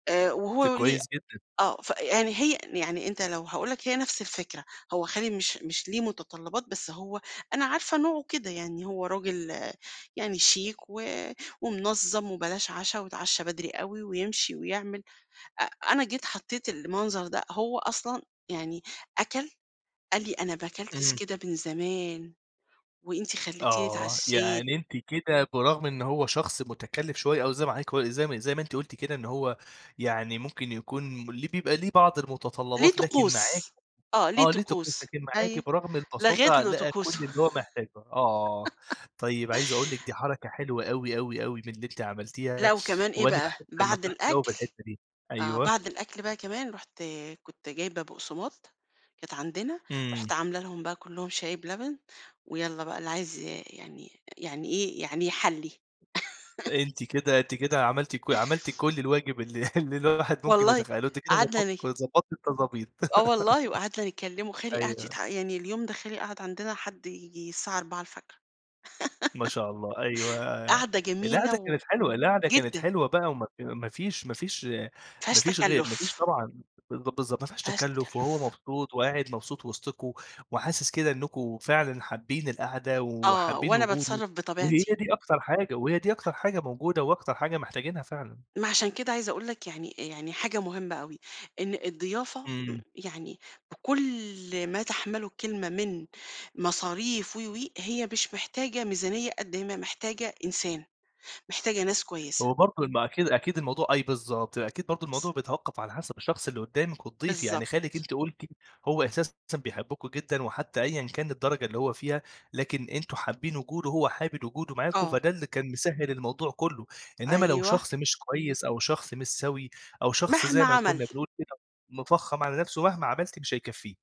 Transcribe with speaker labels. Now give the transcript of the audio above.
Speaker 1: آآ
Speaker 2: طب
Speaker 1: وهو ليه
Speaker 2: كويس جدًا.
Speaker 1: آه. ف يعني هي يعني أنت لو هاقول لك هي نفس الفكرة، هو خالي مش مش ليه متطلّبات بس هو أنا عارفة نوعه كده. يعني هو راجل يعني شيك، و ومنظّم وبلاش عشا ويتعشّى بدري أوي ويمشي ويعمل، أ أنا جيت حطّيت المنظر ده هو أصلًا يعني أكَل قال لي: "أنا ما كلتش
Speaker 2: امم.
Speaker 1: كده من زمان، وأنت خلّيتيني
Speaker 2: آه.
Speaker 1: اتعشّيت."
Speaker 2: يعني أنتِ كده برغم إن هو شخص مُتكلّف شوية أو زي ما حضرتِك قو زي ما زي ما أنتِ قُلتِ كده إن هو يعني ممكن يكون م ليه بيبقى ليه بعض
Speaker 1: ليه
Speaker 2: المتطلّبات لكن معاكِ
Speaker 1: طقوس. آه. ليه
Speaker 2: آه ليه طقوس.
Speaker 1: طقوس.
Speaker 2: لكن
Speaker 1: أيوه.
Speaker 2: معاكِ برغم
Speaker 1: لغيت
Speaker 2: البساطة
Speaker 1: له
Speaker 2: لقى كل
Speaker 1: طقوسه.
Speaker 2: اللي هو محتاجه آه. طيب، عايز أقول لِك دي حركة حلوة أوي، أوي، أوي، من اللي أنتِ
Speaker 1: لأ
Speaker 2: عملتيها،
Speaker 1: وكمان إيه
Speaker 2: وأنا
Speaker 1: بقى،
Speaker 2: باحب
Speaker 1: بعد
Speaker 2: نصيحتِك أوي في
Speaker 1: الأكل
Speaker 2: الحتّة دي
Speaker 1: آه.
Speaker 2: أيوه.
Speaker 1: بعد الأكل بقى كمان رُحت كنت جايبة بُقسماط كانت عندنا،
Speaker 2: إمم.
Speaker 1: رُحت عاملة لهم بقى كُلّهم شاي بلبن، ويالّا بقى اللي عايز ي يعني يعني إيه، يعني يحلّي.
Speaker 2: أنتِ كده أنتِ كده عملتِ ك عملتِ كل الواجب ال اللي الواحد ممكن
Speaker 1: والله
Speaker 2: يتخيّله، أنتِ كده
Speaker 1: قعدنا
Speaker 2: ضبط
Speaker 1: ن
Speaker 2: ضبطتِ التضابيط.
Speaker 1: آه والله. وقعدنا نكلّمه. خالي قعد
Speaker 2: أيوه.
Speaker 1: يضح يعني اليوم ده خالي قعد عندنا حد ييجي الساعة 04:00.
Speaker 2: ما شاء الله، أيوه.
Speaker 1: قعدة جميلة
Speaker 2: القعدة
Speaker 1: و
Speaker 2: كانت حلوة، القعدة كانت
Speaker 1: جدًا.
Speaker 2: حلوة بقى وما ف ما فيش ما فيش
Speaker 1: ما
Speaker 2: ما
Speaker 1: فيهاش
Speaker 2: فيش غير ما فيش
Speaker 1: تَكلُّف.
Speaker 2: طبعًا بالض بالضبط. ما
Speaker 1: ما
Speaker 2: فيهاش
Speaker 1: فيهاش
Speaker 2: تَكلُّف، وهو
Speaker 1: تَكلُّف.
Speaker 2: مبسوط، وقاعد مبسوط وِسطكم، وحاسس كده إنّكم فعلًا حابّين القعدة
Speaker 1: آه.
Speaker 2: وحابّين
Speaker 1: وأنا
Speaker 2: وجوده،
Speaker 1: باتصرّف
Speaker 2: وهي
Speaker 1: بطبيعتي.
Speaker 2: دي أكتر حاجة، وهي دي أكتر حاجة موجودة وأكتر حاجة محتاجينها فعلًا.
Speaker 1: ما عشان كده عايزة أقول لك يعني يعني حاجة مهمة أوي، إن الضيافة م
Speaker 2: إمم.
Speaker 1: يعني بكل ما تَحمَلُه الكلمة من مصاريف و، و هي مش محتاجة ميزانية قد ما هي محتاجة إنسان. محتاجة ناس كويسة.
Speaker 2: هو برضه ال ما أكيد أكيد الموضوع أي بالضبط. أكيد برضه الموضوع
Speaker 1: س
Speaker 2: بيتوقَّف على حسب الشخص اللي قُدّامِك والضيف. يعني خالِك
Speaker 1: بالضبط.
Speaker 2: أنتِ قُلتِ هو أساسًا بيحبكم جدًا وحتّى أيًا كان الدرجة اللي هو فيها، لكن أنتم حابّين وجوده هو حابب وجوده معاكم
Speaker 1: آه.
Speaker 2: فده اللي كان مسهِّل الموضوع كُلّه. إنّما لو
Speaker 1: أيوه.
Speaker 2: شخص مش كويس أو شخص مش سَوي أو شخص
Speaker 1: مهما
Speaker 2: زي ما
Speaker 1: عمل.
Speaker 2: كُنّا بنقول كده مِفخّم على نفسه مهما عملتِ مش هيكفّيه.